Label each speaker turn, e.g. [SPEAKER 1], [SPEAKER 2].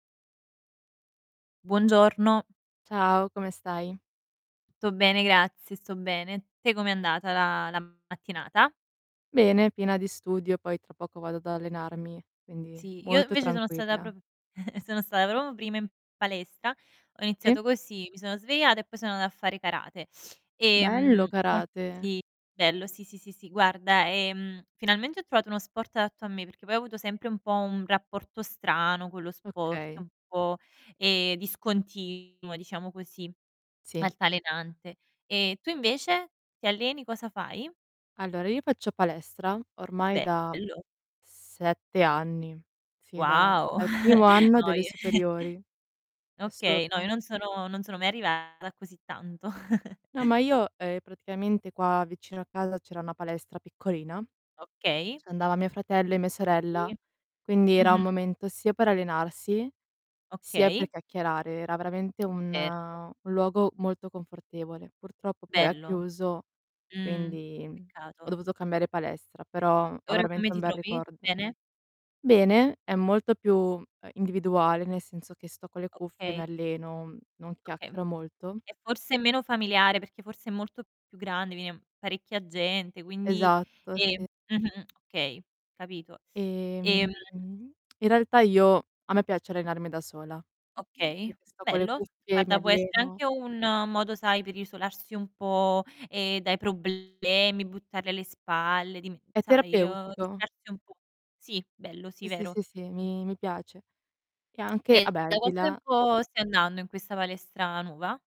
[SPEAKER 1] Buongiorno.
[SPEAKER 2] Ciao, come stai?
[SPEAKER 1] Tutto bene, grazie, sto bene. Te come è andata la la mattinata?
[SPEAKER 2] Bene, piena di studio, poi tra poco vado ad allenarmi, quindi
[SPEAKER 1] Sì, io
[SPEAKER 2] molto
[SPEAKER 1] invece sono stata
[SPEAKER 2] tranquilla.
[SPEAKER 1] prop sono stata proprio prima in palestra, ho
[SPEAKER 2] Sì.
[SPEAKER 1] iniziato così, mi sono svegliata e poi sono andata a fare karate.
[SPEAKER 2] Bello
[SPEAKER 1] Ehm, mol
[SPEAKER 2] karate.
[SPEAKER 1] sì, bello, sì, sì, sì, sì. Guarda, ehm, finalmente ho trovato uno sport adatto a me, perché poi ho avuto sempre un po' un rapporto strano con lo sport,
[SPEAKER 2] Okay.
[SPEAKER 1] un po', ehm, discontinuo, diciamo così,
[SPEAKER 2] Sì.
[SPEAKER 1] altalenante. Ehm, tu invece ti alleni? Cosa fai?
[SPEAKER 2] Allora, io faccio palestra ormai da
[SPEAKER 1] Bello.
[SPEAKER 2] 7 anni. Sì, da
[SPEAKER 1] Wow.
[SPEAKER 2] dal primo anno
[SPEAKER 1] No,
[SPEAKER 2] delle
[SPEAKER 1] io
[SPEAKER 2] superiori. È
[SPEAKER 1] Okay, no, io
[SPEAKER 2] assurdo.
[SPEAKER 1] non sono non sono mai arrivata a così tanto.
[SPEAKER 2] No, ma io ehm, praticamente qua vicino casa c'era una palestra piccolina,
[SPEAKER 1] Okay.
[SPEAKER 2] c'andava mio fratello e mia sorella,
[SPEAKER 1] Sì,
[SPEAKER 2] quindi era un
[SPEAKER 1] mh-mh.
[SPEAKER 2] momento sia per allenarsi sia per
[SPEAKER 1] Okay.
[SPEAKER 2] chiacchierare. Era veramente un
[SPEAKER 1] Certo.
[SPEAKER 2] un luogo molto confortevole. Purtroppo poi ha
[SPEAKER 1] Bello.
[SPEAKER 2] chiuso,
[SPEAKER 1] Mh,
[SPEAKER 2] quindi, mhmm, ho
[SPEAKER 1] peccato.
[SPEAKER 2] dovuto cambiare palestra, però
[SPEAKER 1] E
[SPEAKER 2] ho
[SPEAKER 1] ora come
[SPEAKER 2] veramente un
[SPEAKER 1] ti
[SPEAKER 2] bel
[SPEAKER 1] trovi?
[SPEAKER 2] ricordo.
[SPEAKER 1] Bene?
[SPEAKER 2] Bene, è molto più, ehm, individuale, nel senso che sto con le cuffie, mi
[SPEAKER 1] Okay.
[SPEAKER 2] alleno, non
[SPEAKER 1] Okay.
[SPEAKER 2] chiacchiero molto.
[SPEAKER 1] È forse meno familiare, perché forse è molto più grande, viene parecchia gente, quindi,
[SPEAKER 2] Esatto,
[SPEAKER 1] ehm
[SPEAKER 2] sì.
[SPEAKER 1] mh-mh, okay, capito.
[SPEAKER 2] Ehm,
[SPEAKER 1] Ehm
[SPEAKER 2] in realtà io a me piace allenarmi da sola, uhm,
[SPEAKER 1] Okay,
[SPEAKER 2] perché sto con le
[SPEAKER 1] bello.
[SPEAKER 2] cuffie, mi
[SPEAKER 1] Guarda, può essere
[SPEAKER 2] alleno
[SPEAKER 1] anche un modo, sai, per isolarsi un po', ehm, dai problemi, buttarli alle spalle, dime
[SPEAKER 2] È
[SPEAKER 1] sai, uhm,
[SPEAKER 2] terapeutico.
[SPEAKER 1] distrarsi un po'. Sì, bello, sì,
[SPEAKER 2] Sì, sì,
[SPEAKER 1] vero.
[SPEAKER 2] sì, sì, mi mi piace. E anche ah
[SPEAKER 1] E
[SPEAKER 2] beh,
[SPEAKER 1] da quanto
[SPEAKER 2] aldilà
[SPEAKER 1] tempo stai andando in questa palestra nuova?